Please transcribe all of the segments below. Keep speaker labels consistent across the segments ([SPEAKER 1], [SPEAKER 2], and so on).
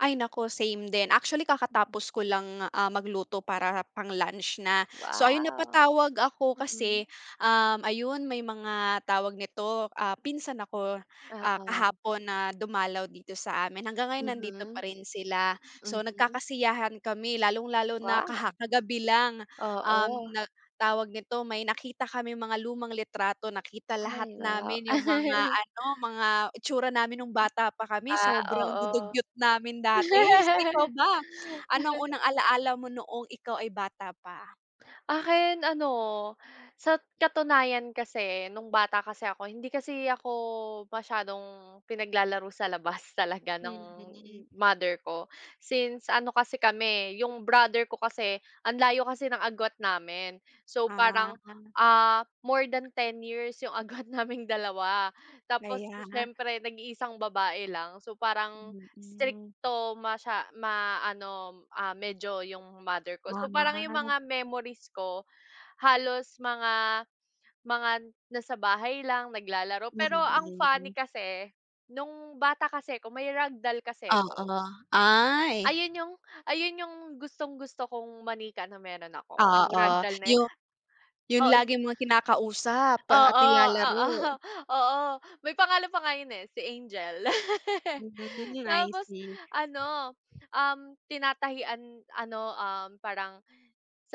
[SPEAKER 1] Ay, naku, same din, actually
[SPEAKER 2] Mhm.
[SPEAKER 1] kakatapos ko lang, ah, magluto para pang lunch na, so, ayun
[SPEAKER 2] Wow,
[SPEAKER 1] napatawag ako
[SPEAKER 2] mhm.
[SPEAKER 1] kasi, um, ayun may mga tawag nito, ah, pinsan ako, ah,
[SPEAKER 2] Oo.
[SPEAKER 1] kahapon na dumalaw dito sa amin hanggang ngayon nandito pa
[SPEAKER 2] Mhm,
[SPEAKER 1] rin sila, so,
[SPEAKER 2] mhm.
[SPEAKER 1] nagkakasiyahan kami lalong-lalo na
[SPEAKER 2] Wow.
[SPEAKER 1] kaha kagabi lang, um,
[SPEAKER 2] Oo.
[SPEAKER 1] na tawag nito may nakita kaming mga lumang litrato nakita lahat
[SPEAKER 2] Ay, wow.
[SPEAKER 1] namin yung mga ano, mga itsura namin nung bata pa kami,
[SPEAKER 2] Ah,
[SPEAKER 1] sobrang
[SPEAKER 2] oo.
[SPEAKER 1] dudugyot namin dati, ikaw ba? Ano ang unang alaala mo noong ikaw ay bata pa?
[SPEAKER 2] Akin ano, sa katunayan kase, nung bata kase ako, hindi kasi ako, masyadong pinaglalaro sa labas talaga ng
[SPEAKER 1] Mhm.
[SPEAKER 2] mother ko, since ano kasi, kami 'yong brother ko kasi, ang layo kasi ng agwat namin, so, parang,
[SPEAKER 1] Ah.
[SPEAKER 2] ah, more than 10 years yung agwat naming dalawa, tapos
[SPEAKER 1] Kaya.
[SPEAKER 2] siyempre, nag-iisang babae lang, so, parang
[SPEAKER 1] Mhm.
[SPEAKER 2] strikto masya ma, ano, ah, medyo yung mother ko, so, parang yung
[SPEAKER 1] Ah.
[SPEAKER 2] mga memories ko, halos mga mga nasa bahay lang naglalaro pero ang funny
[SPEAKER 1] Mhm.
[SPEAKER 2] kase, nung bata kase 'ko may rag doll kase 'ko.
[SPEAKER 1] Oo, ay.
[SPEAKER 2] Ayun yung ayun yung gustong-gusto kong manika na meron ako, yung rag
[SPEAKER 1] Oo,
[SPEAKER 2] doll na yun,
[SPEAKER 1] yung yung
[SPEAKER 2] oo, yun.
[SPEAKER 1] laging mga kinakausap at
[SPEAKER 2] Oo, oo,
[SPEAKER 1] nilalaro.
[SPEAKER 2] oo, may pangalan pa nga yun eh, si Angel,
[SPEAKER 1] Mhm, I
[SPEAKER 2] tapos
[SPEAKER 1] see.
[SPEAKER 2] ano, um, tinatahian ano, um, parang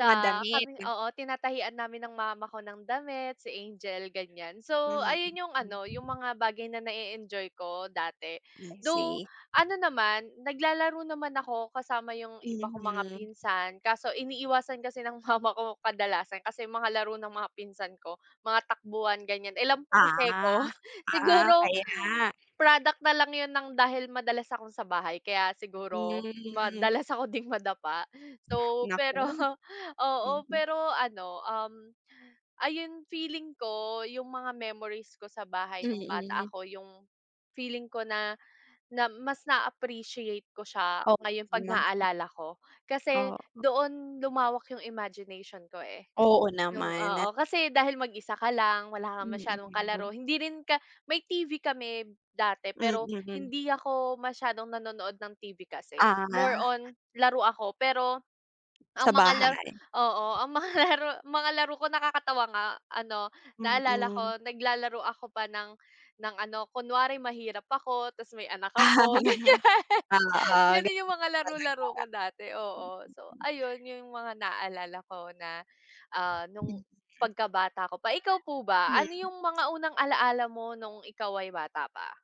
[SPEAKER 1] Mga
[SPEAKER 2] kaming
[SPEAKER 1] damit.
[SPEAKER 2] oo, tinatahian namin ng mama ko ng damit si Angel ganyan. So,
[SPEAKER 1] Mhm.
[SPEAKER 2] ayun, yung ano, yung mga bagay na, na e-enjoy ko dati
[SPEAKER 1] I
[SPEAKER 2] though
[SPEAKER 1] see.
[SPEAKER 2] ano naman naglalaro naman ako kasama yung iba kong mga
[SPEAKER 1] Mhm.
[SPEAKER 2] pinsan kaso iniiwasan kasi ng mama ko, kadalasan kasi, mga laro ng mga pinsan ko, mga takbuhan ganyan, eh, lampa kasi
[SPEAKER 1] Ah,
[SPEAKER 2] 'ko,
[SPEAKER 1] ah,
[SPEAKER 2] siguro
[SPEAKER 1] kaya.
[SPEAKER 2] product na lang 'yun ng dahil madalas ako sa bahay kaya siguro
[SPEAKER 1] Mhm.
[SPEAKER 2] madalas ako ding madapa. So, pero,
[SPEAKER 1] Naku.
[SPEAKER 2] oo, pero, ano, um, ayon feeling ko yung mga memories ko sa bahay nung bata
[SPEAKER 1] Mhm.
[SPEAKER 2] ako yung feeling ko na, na mas na appreciate ko siya
[SPEAKER 1] Oo
[SPEAKER 2] ngayon pag
[SPEAKER 1] nga.
[SPEAKER 2] naalala ko kasi
[SPEAKER 1] Oo.
[SPEAKER 2] doon lumawak yung imagination ko, eh,
[SPEAKER 1] Oo
[SPEAKER 2] yung, oo,
[SPEAKER 1] naman.
[SPEAKER 2] kasi, dahil mag-isa ka lang wala kang masyadong
[SPEAKER 1] Mhm.
[SPEAKER 2] kalaro hindi rin ka may TV kami dati, pero
[SPEAKER 1] Mhm.
[SPEAKER 2] hindi ako masyadong nanonood ng TV kasi more
[SPEAKER 1] Ah.
[SPEAKER 2] on, laro ako pero, ang
[SPEAKER 1] Sa
[SPEAKER 2] mga laro,
[SPEAKER 1] bahay.
[SPEAKER 2] oo, ang mga laro mga raro laro ko nakakatawa nga ano, naalala ko
[SPEAKER 1] Mhm.
[SPEAKER 2] naglalaro ako pa ng, ng ano kunwari mahirap ako, 'tas may anak ako ganyan,
[SPEAKER 1] Oo,
[SPEAKER 2] ganun
[SPEAKER 1] ganun
[SPEAKER 2] yung mga laro-laro ko
[SPEAKER 1] talaga.
[SPEAKER 2] dati, oo, so, ayun yung mga naalala ko na, ah, nung
[SPEAKER 1] Mhm.
[SPEAKER 2] pagkabata ko pa. Ikaw po ba ano
[SPEAKER 1] Hmm.
[SPEAKER 2] yung mga unang alala mo nung ikaw ay bata pa?